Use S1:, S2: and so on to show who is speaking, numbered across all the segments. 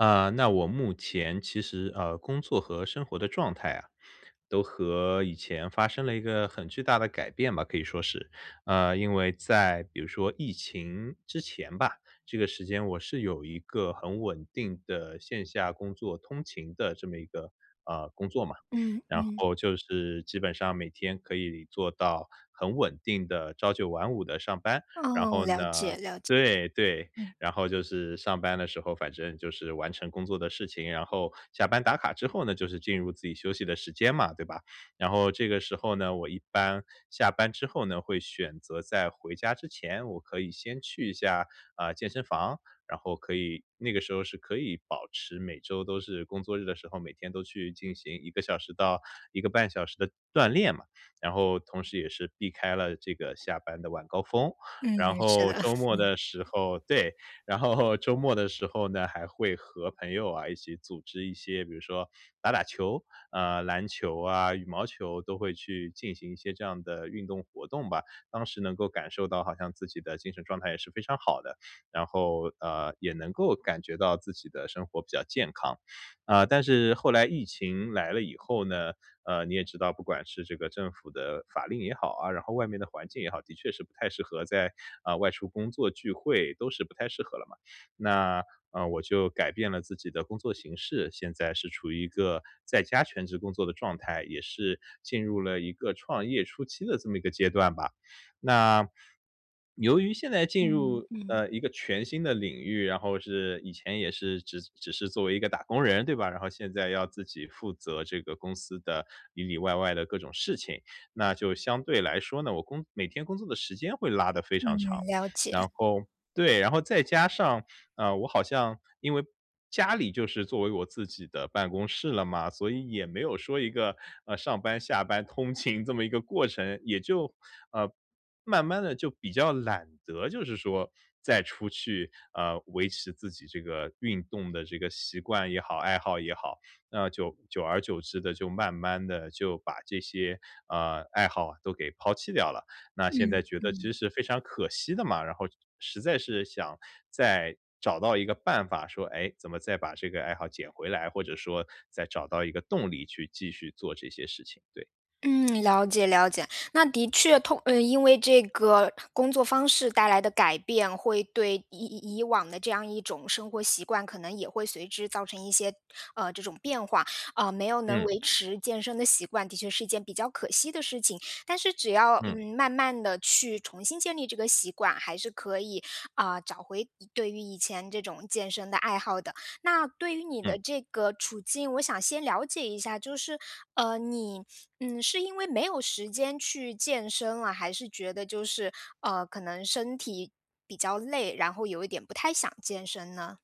S1: 啊，那我目前其实，呃，工作和生活的状态啊，都和以前发生了一个很巨大的改变吧，可以说是。呃，因为在比如说疫情之前吧，这个时间我是有一个很稳定的线下工作通勤的这么一个，呃，工作嘛。
S2: 嗯
S1: 然
S2: 嗯。
S1: 后就是基本上每天可以做到很稳定的朝9晚5的上班。然后
S2: 哦，了
S1: 呢
S2: 解了解。
S1: 对，对，
S2: 嗯。
S1: 然后就是上班的时候，反正就是完成工作的事情，然后下班打卡之后呢，就是进入自己休息的时间嘛，对吧。然后这个时候呢，我一般下班之后呢会选择在回家之前，我可以先去一下，啊，健身房。然后可以那个时候是可以保持每周都是工作日的时候，每天都去进行1个小时到1个半小时的锻炼嘛，然后同时也是避开了这个下班的晚高峰。
S2: 嗯，
S1: 然
S2: 是
S1: 后
S2: 的。
S1: 周 末
S2: 嗯。
S1: 的时候对，然后周末的时候呢，还会和朋友啊一起组织一些，比如说打打球，啊，篮球啊、羽毛球都会去进行一些这样的运动活动吧。当时能够感受到好像自己的精神状态也是非常好的，然后，呃，也能够感觉到自己的生活比较健康。啊，但是后来疫情来了以后呢，呃，你也知道，不管是这个政府的法令也好啊，然后外面的环境也好，的确是不太适合在呃，外出工作聚会都是不太适合了嘛。那，呃，我就改变了自己的工作形式，现在是处于一个在家全职工作的状态，也是进入了一个创业初期的这么一个阶段吧。那，由于现在进
S2: 嗯，
S1: 入，
S2: 嗯。
S1: 呃，一个全新的领域，然后是以前也是只只是作为一个打工人，对吧，然后现在要自己负责这个公司的里里外外的各种事情，那就相对来说呢，我工每天工作的时间会拉得非
S2: 嗯，
S1: 常长。
S2: 了解。
S1: 然后对，然后再加上，呃，我好像因为家里就是作为我自己的办公室了嘛。所以也没有说一个，呃，上班、下班通勤这么一个过程，也就呃，慢慢地就比较懒得就是说再出去，嗯，维持自己这个运动的这个习惯也好、爱好也好。那就久而久之地就慢慢地就把这些，呃，爱好啊都给抛弃掉了。那现
S2: 嗯，
S1: 在觉得
S2: 嗯。
S1: 其实非常可惜的嘛，然后实在是想再找到一个办法说，诶，怎么再把这个爱好捡回来，或者说再找到一个动力去继续做这些事情，对。
S2: 嗯，了解了解，那的确，通呃，因为这个工作方式带来的改变，会对以以以往的这样一种生活习惯，可能也会随之造成一些，呃，这种变化，啊，没有能
S1: 嗯。
S2: 维持健身的习惯，的确是一件比较可惜的事情。但是只要，
S1: 嗯。
S2: 嗯，慢慢地去重新建立这个习惯，还是可以，啊，找回对于以前这种健身的爱好的。那对于你的
S1: 嗯。
S2: 这个处境，我想先了解一下，就是，呃，你，嗯，是因为没有时间去健身啊，还是觉得就是，呃，可能身体比较累，然后有一点不太想健身呢？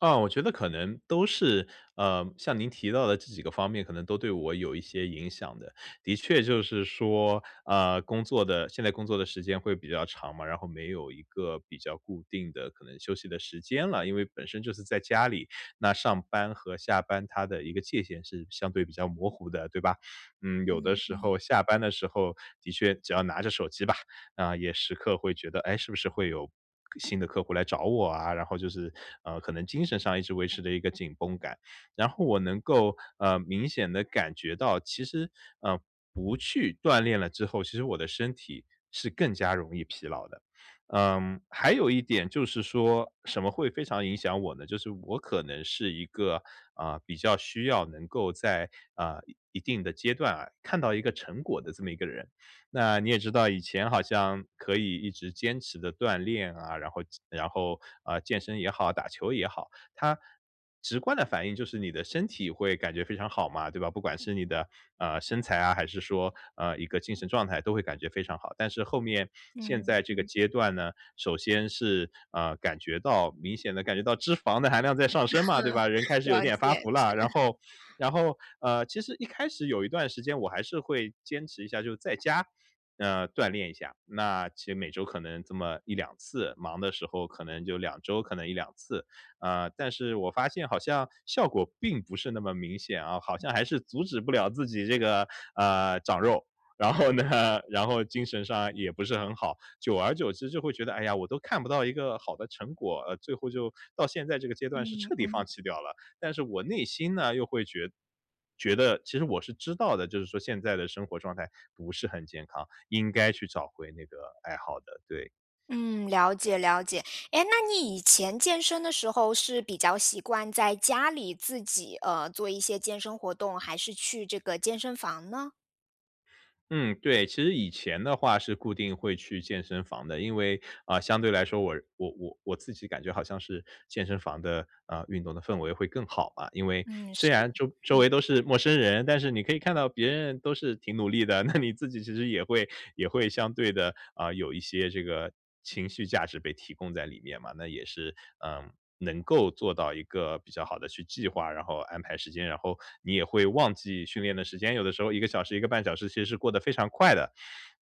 S1: 啊，我觉得可能都是呃，像您提到的这几个方面，可能都对我有一些影响的。的确就是说，啊，工作的现在工作的时间会比较长嘛，然后没有一个比较固定的可能休息的时间了，因为本身就是在家里，那上班和下班它的一个界限是相对比较模糊的，对吧？嗯，有的
S2: 嗯，
S1: 时
S2: 嗯。
S1: 候下班的时候，的确只要拿着手机吧，嗯，也时刻会觉得，诶，是不是会有新的客户来找我啊，然后就是，呃，可能精神上一直维持着一个紧绷感。然后我能够，呃，明显地感觉到，其实，呃，不去锻炼了之后，其实我的身体是更加容易疲劳的。嗯，还有一点就是说，什么会非常影响我呢，就是我可能是一个，呃，比较需要能够在，呃，一一定的阶段啊，看到一个成果的这么一个人。那你也知道以前好像可以一直坚持地锻炼啊，然后然后，呃，健身也好、打球也好，它直观的反应就是你的身体会感觉非常好嘛，对吧？不管是你的，呃，身材啊，还是说，呃，一个精神状态都会感觉非常好。但是后面，现
S2: 嗯，
S1: 在这个
S2: 嗯。
S1: 阶段呢，首先是，呃，感觉到明显的感觉到脂肪的含量在上升嘛，对吧？人开 始有
S2: 了
S1: 点发
S2: 解，
S1: 福了。然
S2: 是。
S1: 后然后，呃，其实一开始有一段时间我还是会坚持一下，就在家，嗯，锻炼一下，那其实每周可能这么1-2次，忙的时候可能就2周可能1-2次。呃，但是我发现好像效果并不是那么明显哦，好像还是阻止不了自己这个，呃，长肉。然后呢，然后精神上也不是很好，久而久之就会觉得，哎呀，我都看不到一个好的成果，呃，最后就到现在这个阶段是
S2: 嗯，
S1: 彻底放
S2: 嗯。
S1: 弃掉了，但是我内心呢，又会觉觉得，其实我是知道的，就是说现在的生活状态不是很健康，应该去找回那个爱好的，对。
S2: 嗯，了解了解。诶，那你以前健身的时候是比较习惯在家里自己，呃，做一些健身活动，还是去这个健身房呢？
S1: 嗯，对，其实以前的话是固定会去健身房的。因为呃，相对来说我我我我自己感觉好像是健身房的，呃，运动的氛围会更好吧。因为
S2: 嗯，
S1: 虽
S2: 是，
S1: 然周周
S2: 嗯。
S1: 围都是陌生人，但是你可以看到别人都是挺努力的，那你自己其实也会也会相对地，呃，有一些这个情绪价值被提供在里面嘛。那也是，呃，能够做到一个比较好的去计划，然后安排时间，然后你也会忘记训练的时间，有的时候1个小时、1.5小时其实是过得非常快的。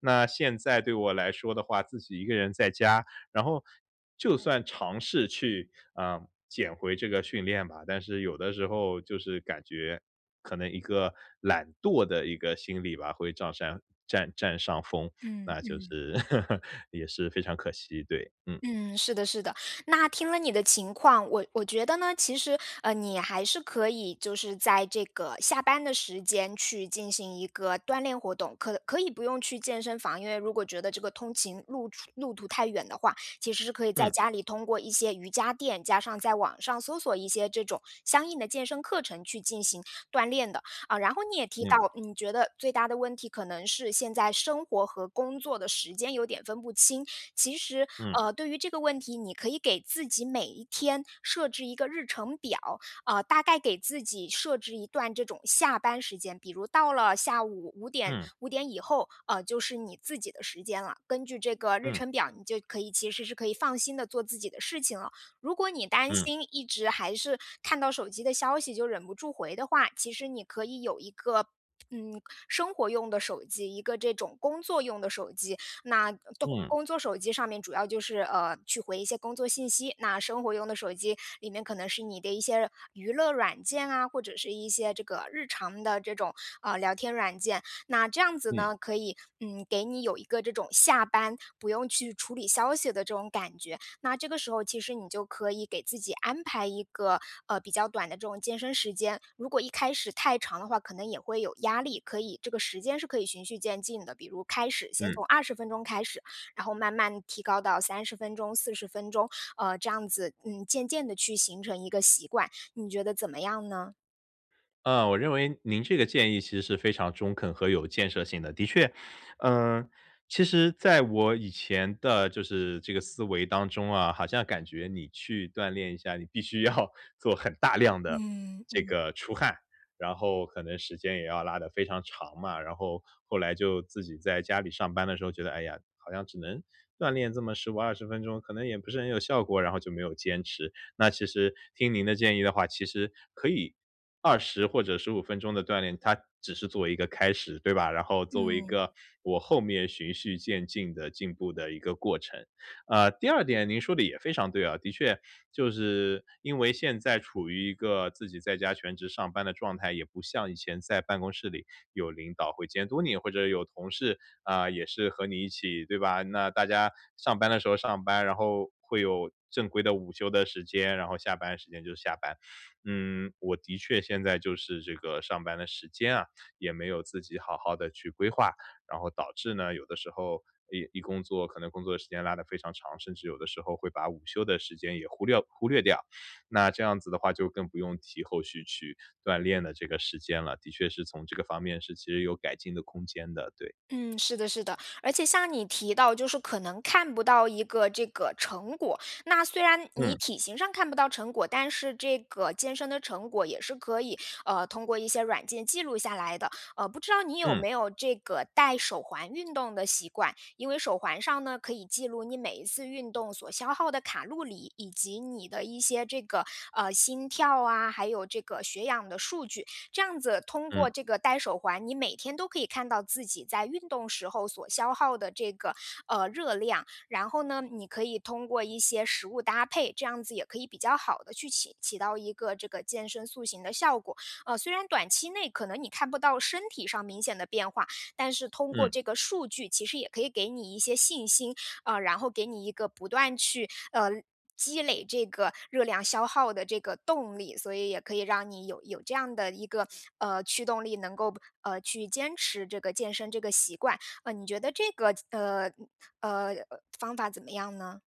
S1: 那现在对我来说的话，自己一个人在家，然后就算尝试去，啊，捡回这个训练吧，但是有的时候就是感觉可能一个懒惰的一个心理吧，会丈山占占上风。
S2: 嗯，
S1: 那就
S2: 嗯。
S1: 是 也是非常可惜，对，嗯。
S2: 嗯，是的是的。那听了你的情况，我我觉得呢，其实，呃，你还是可以，就是在这个下班的时间去进行一个锻炼活动。可可以不用去健身房，因为如果觉得这个通勤路除路途太远的话，其实是可以在
S1: 嗯。
S2: 家里通过一些瑜伽垫，加上在网上搜索一些这种相应的健身课程去进行锻炼的。啊，然后你也提到，
S1: 嗯。
S2: 你觉得最大的问题可能是现在生活和工作的时间有点分不清，其实
S1: 嗯。
S2: 呃，对于这个问题，你可以给自己每一天设置一个日程表。呃，大概给自己设置一段这种下班时间，比如到了下午5点
S1: 嗯。
S2: 5点以后，呃，就是你自己的时间了。根据这个日
S1: 嗯。
S2: 程表，你就可以其实是可以放心地做自己的事情了。如果你担
S1: 嗯。
S2: 心一直还是看到手机的消息就忍不住回的话，其实你可以有一个，嗯，生活用的手机，一个这种工作用的手机。那，东
S1: 嗯。
S2: 工作手机上面主要就是，呃，去回一些工作信息，那生活用的手机，里面可能是你的一些娱乐软件啊，或者是一些这个日常的这种，呃，聊天软件。那这样子
S1: 嗯。
S2: 呢，可以，嗯，给你有一个这种下班不用去处理消息的这种感觉。那这个时候其实你就可以给自己安排一个，呃，比较短的这种健身时间。如果一开始太长的话，可能也会有压力，可以这个时间是可以循序渐进的。比如开始先
S1: 嗯。
S2: 从20分钟开始，然后慢慢提高到30分钟、40分钟，呃，这样子，嗯，渐渐地去形成一个习惯。你觉得怎么样呢？
S1: 呃，我认为您这个建议其实是非常中肯和有建设性的。的确嗯，其实在我以前的就是这个思维当中啊，好像感觉你去锻炼一下，你必须要做很大量的
S2: 嗯，
S1: 这
S2: 嗯。
S1: 个出汗，然后可能时间也要拉得非常长嘛，然后后来就自己在家里上班的时候觉得：“哎呀，好像只能锻炼这么15、20分钟，可能也不是很有效果。“然后就没有坚持。那其实听您的建议的话，其实可以20或者15分钟的锻炼，它，只是作为一个开始，对吧？然后作为一
S2: 嗯。
S1: 个我后面循序渐进地进步的一个过程。呃，第二点您说的也非常对啊，的确，就是因为现在处于一个自己在家全职上班的状态，也不像以前在办公室里有领导会监督你，或者有同事，啊，也是和你一起，对吧？那大家上班的时候上班，然后会有正规的午休的时间，然后下班时间就是下班。嗯，我的确现在就是这个上班的时间啊，也没有自己好好地去规划，然后导致呢有的时候一一工作可能工作时间拉得非常长，甚至有的时候会把午休的时间也忽料忽略掉，那这样子的话就更不用提后续去锻炼的这个时间了，的确是从这个方面是其实有改进的空间的，对。
S2: 嗯，是的是的。而且像你提到就是可能看不到一个这个成果，那虽然你
S1: 嗯。
S2: 体型上看不到成果，但是这个健身的成果也是可以，呃，通过一些软件记录下来的。呃，不知道你有
S1: 嗯。
S2: 没有这个戴手环运动的习惯？因为手环上呢，可以记录你每一次运动所消耗的卡路里，以及你的一些这个呃，心跳啊，还有这个血氧的数据。这样子通过
S1: 嗯。
S2: 这个戴手环，你每天都可以看到自己在运动时候所消耗的这个，呃，热量。然后呢，你可以通过一些食物搭配，这样子也可以比较好地去起起到一个这个健身塑型的效果。呃，虽然短期内可能你看不到身体上明显的变化，但是通过
S1: 嗯。
S2: 这个数据其实也可以给你一些信心。呃，然后给你一个不断去呃，积累这个热量消耗的这个动力。所以也可以让你有有这样的一个，呃，驱动力，能够不呃，去坚持这个健身这个习惯。呃，你觉得这个怎呃，嗯呃，方法怎么样呢？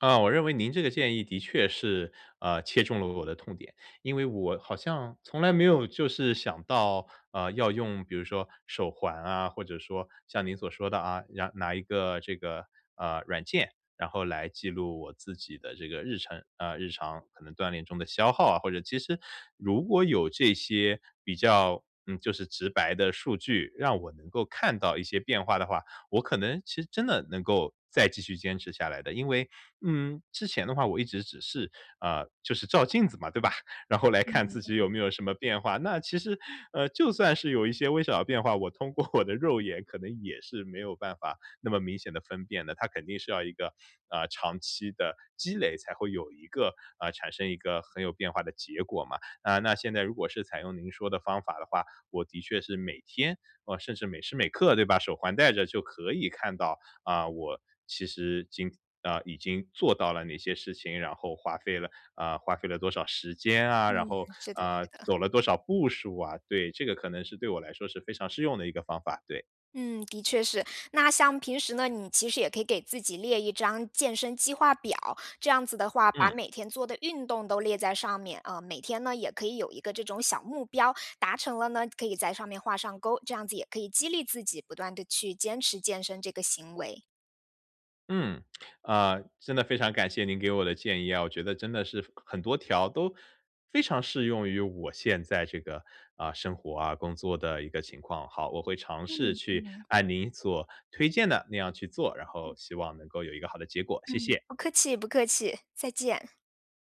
S1: 呃，我认为您这个建议的确是，呃，切中了我的痛点，因为我好像从来没有就是想到，呃，要用比如说手环啊，或者说像您所说的啊，让拿一个这个，呃，软件，然后来记录我自己的这个日程，呃，日常可能锻炼中的消耗啊。或者其实如果有这些比较，嗯，就是直白的数据，让我能够看到一些变化的话，我可能其实真的能够再继续坚持下来的。因为，嗯，之前的话我一直只是，呃，就是照镜子嘛，对吧？然后来看
S2: 嗯
S1: 自己有
S2: 嗯。
S1: 没有什么变化，那其实，呃，就算是有一些微小的变化，我通过我的肉眼可能也是没有办法那么明显地分辨的，它肯定是要一个，呃，长期的积累才会有一个呃，产生一个很有变化的结果嘛。啊，那现在如果是采用您说的方法的话，我的确是每天，呃，甚至每时每刻对，把手环带着就可以看到，啊，我其实经呃，已经做到了哪些事情，然后花费了，呃，花费了多少时间啊，然
S2: 嗯，
S1: 后
S2: 是的
S1: 啊，
S2: 是的。
S1: 走了多少步数啊。对，这个可能是对我来说是非常适用的一个方法，对。
S2: 嗯，的确是。那像平时呢，你其实也可以给自己列一张健身计划表，这样子的话，把
S1: 嗯。
S2: 每天做的运动都列在上面。呃，每天呢，也可以有一个这种小目标。达成了呢，可以在上面画上钩，这样子也可以激励自己不断地去坚持健身这个行为。
S1: 嗯，呃，真的非常感谢您给我的建议啊。我觉得真的是很多条都非常适用于我现在这个，呃，生活啊、工作的一个情况。好，我会尝试
S2: 嗯，
S1: 去
S2: 嗯。
S1: 按您所推荐的那样去做，然后
S2: 嗯。
S1: 希望能够有一个好的结果。谢
S2: 嗯，
S1: 谢。
S2: 不客气，不客气。再见。